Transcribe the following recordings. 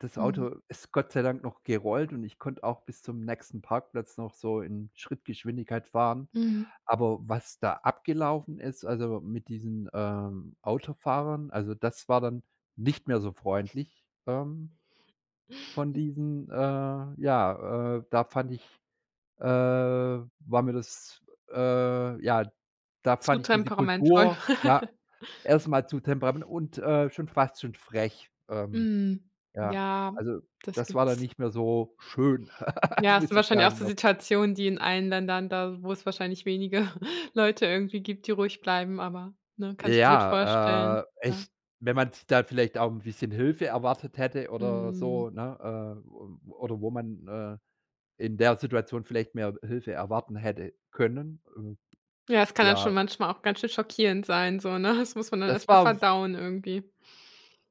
Das Mhm. Auto, ist Gott sei Dank noch gerollt und ich konnte auch bis zum nächsten Parkplatz noch so in Schrittgeschwindigkeit fahren. Mhm. Aber, was da abgelaufen ist, also, mit diesen, ähm, Autofahrern, also, das war dann nicht mehr so freundlich, ähm, von diesen, äh, ja, äh da fand ich, äh, war mir das, äh, ja da Zu fand ich diese temperamentvoll. Kultur, ja, erstmal zu temperament und, äh, schon fast zu frech. Ähm, Mhm, ja, ja, also, das das war dann gibt's. nicht mehr so schön, Ja, hast du muss ich wahrscheinlich auch sagen so noch. Situationen, die in allen Ländern da wo es wahrscheinlich wenige Leute irgendwie gibt, die ruhig bleiben, aber, ne, kann es mir gut Ja, vorstellen, äh, ja. echt, wenn man s da vielleicht auch 'n bisschen Hilfe erwartet hätte oder so, Mhm. ne, äh, o oder wo man, äh, in der Situation vielleicht mehr Hilfe erwarten hätte können, äh, Ja, es kann dann ja schon manchmal auch ganz schön schockierend sein, so ne, das muss man dann Das erst mal war w verdauen irgendwie.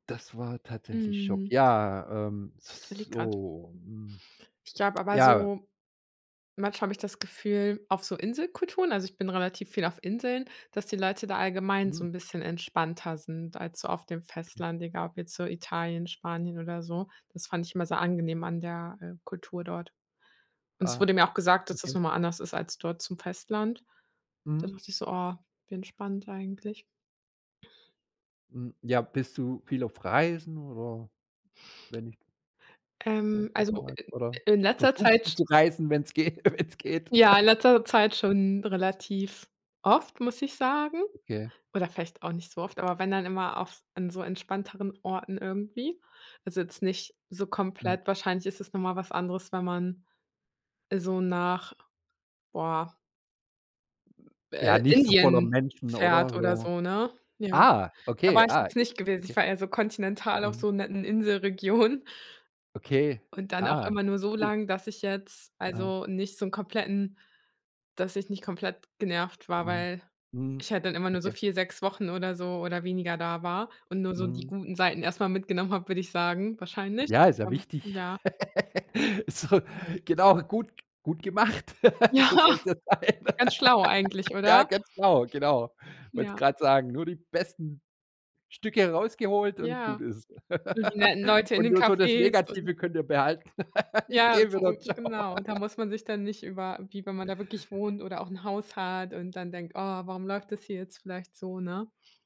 das war tatsächlich Schock. Mhm. Ja, ähm, z Ich z überlege gerade. so, mm, Ich glaube aber ja. so manchmal habe ich das Gefühl auf so Inselkulturen also, ich bin relativ viel auf Inseln, dass die Leute da allgemein so Hm. 'n bisschen entspannter sind als so auf dem Okay. Festland, egal ob jetzt so Italien, Spanien oder so. Das fand ich immer sehr angenehm an der, äh, Kultur dort. Und es Ah, wurde mir auch gesagt, dass das okay. noch mal anders ist als dort zum Festland. Da Mhm. dachte ich so: „Oh, wie entspannt eigentlich.“ Mm, ja, bist du viel auf Reisen oder wenn nicht Ähm, also wo [unintelligible] i oder in in letzter versuchst Zeit, du sch zu reisen, wenn's geht wenn's geht. ja in letzter Zeit schon relativ oft, muss ich sagen, Okay. oder vielleicht auch nicht so oft, aber wenn dann immer auf an so entspannteren Orten irgendwie. Also, jetzt nicht so Äh. komplett wahrscheinlich ist es noch mal was anderes, wenn man, äh, so nach, boah Ja, äh, nicht so voller Indien Menschen, oder? fährt oder So, so, ne? Ja, ah, da okay, war ich ah, jetzt nicht gewesen. Ich okay. war eher so kontinental auf Ähm. so netten Inselregionen Okay, und dann auch ah, immer nur so cool. lang, dass ich jetzt, Ah. also, nicht so 'n kompletten dass ich nicht komplett genervt war, Mhm, weil mhm, ich halt dann immer nur so okay. 4, 6 Wochen oder so oder weniger da war und nur so die Mhm. guten Seiten erst mal mitgenommen habe, würde ich sagen wahrscheinlich, Ja, ist ja ähm, wichtig. ja. So, genau, gut gut gemacht. So soll Ja, es ja sein, ganz schlau eigentlich, ja oder? ganz genau, genau. Wollte es Ja. gerade sagen, nur die besten Stücke rausgeholt und gut Ja, ist. so die netten Leute in Und den nur so das Cafés und Negative könnt ihr behalten. Ich Ja, gehe so wieder, tschau. genau. Da muss man sich dann nicht über wie wenn man da wirklich wohnt oder auch 'n Haus hat und dann denkt: „Oh, warum läuft das hier jetzt vielleicht so, ne?“